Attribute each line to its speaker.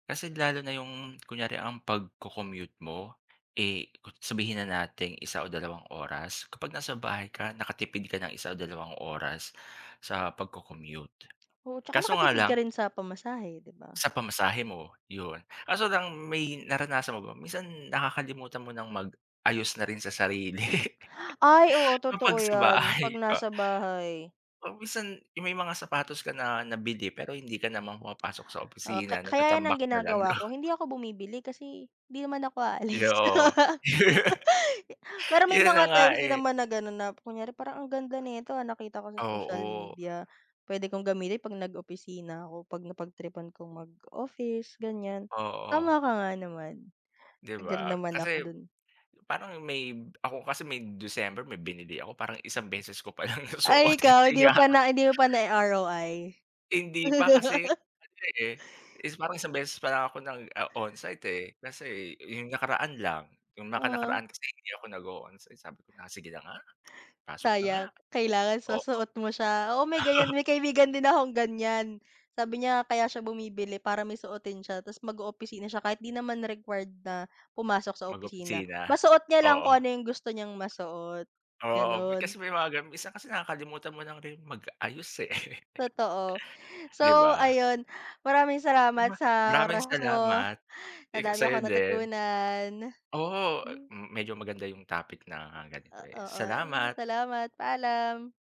Speaker 1: Kasi lalo na yung kunyari ang pagko-commute mo, eh, sabihin na nating isa o dalawang oras, kapag nasa bahay ka, nakatipid ka ng 1 o dalawang oras, sa pagko-commute.
Speaker 2: Oo, tsaka
Speaker 1: Kaso nga
Speaker 2: nakatipid
Speaker 1: lang
Speaker 2: ka rin sa pamasahe, di ba?
Speaker 1: sa pamasahe mo, yun. Kaso lang may naranasan mo ba, minsan nakakalimutan mo ng mag-ayos na rin sa sarili,
Speaker 2: Ay oo, totoo
Speaker 1: kapag sa
Speaker 2: 'yan,
Speaker 1: bahay
Speaker 2: 'pag
Speaker 1: ka.
Speaker 2: nasa bahay.
Speaker 1: 'Pag minsan, yung may mga sapatos ka na nabili, pero hindi ka naman pumapasok sa
Speaker 2: Ah ka
Speaker 1: opisina,
Speaker 2: kaya yan, ang
Speaker 1: natatambak na lang,
Speaker 2: ginagawa ko,
Speaker 1: no?
Speaker 2: hindi ako bumibili kasi, di naman ako
Speaker 1: Isa
Speaker 2: aalis.
Speaker 1: oo.
Speaker 2: Pero may
Speaker 1: Yun na
Speaker 2: mga
Speaker 1: nga
Speaker 2: times din
Speaker 1: eh!
Speaker 2: naman na ganun na, kunyari parang ang ganda nito ah, nakita ko sa social
Speaker 1: Oo.
Speaker 2: media, pwede kong gamitin 'pag nag-opisina ako, 'pag napagtripan kong mag-office, ganyan.
Speaker 1: Oo.
Speaker 2: Tama ka nga naman,
Speaker 1: 'Di
Speaker 2: agree
Speaker 1: ba?
Speaker 2: naman ako
Speaker 1: Kasi,
Speaker 2: dun.
Speaker 1: parang may ako kasi may December, may binili ako, parang isang beses ko pa lang
Speaker 2: Ay
Speaker 1: nasuot
Speaker 2: ikaw,
Speaker 1: kasi
Speaker 2: hindi mo
Speaker 1: nga
Speaker 2: pa na hindi mo pa nai-ROI?
Speaker 1: Hindi pa, kasi ano eh, is parang isang beses pa lang ako nag ah, onsite eh, kasi yung nakaraan lang. Yung
Speaker 2: Oo.
Speaker 1: naka-nakaraan kasi, hindi ako nag-o-onsite, sabi ko na, "Sige na nga, pasok na nga!"
Speaker 2: Sayang, kailangan is
Speaker 1: oo.
Speaker 2: masuot mo siya. Oo, may ganyan, may kaibigan din akong ganyan. Sabi niya, kaya siya bumibili para may suotin siya, tapos mag-oopisina siya, kahit di naman required na pumasok sa opisina.
Speaker 1: Mag-opisina?
Speaker 2: Masuot niya lang kung
Speaker 1: Oo.
Speaker 2: ano yung gusto niyang masuot,
Speaker 1: Oo, eh
Speaker 2: ganon.
Speaker 1: kasi may mga ganun, minsan kasi nakakalimutan mo lang ring mag-ayos, eh,
Speaker 2: Totoo. So
Speaker 1: 'di ba?
Speaker 2: ayon, maraming
Speaker 1: Ma ma
Speaker 2: salamat sa
Speaker 1: maraming
Speaker 2: oras mo,
Speaker 1: salamat. Eh,
Speaker 2: madami
Speaker 1: sa'yo
Speaker 2: akong
Speaker 1: din.
Speaker 2: natutunan.
Speaker 1: Oo, eh,
Speaker 2: Hmm.
Speaker 1: m medyo maganda yung topic na ganito,
Speaker 2: a
Speaker 1: eh.
Speaker 2: oo,
Speaker 1: Salamat.
Speaker 2: salamat, paalam.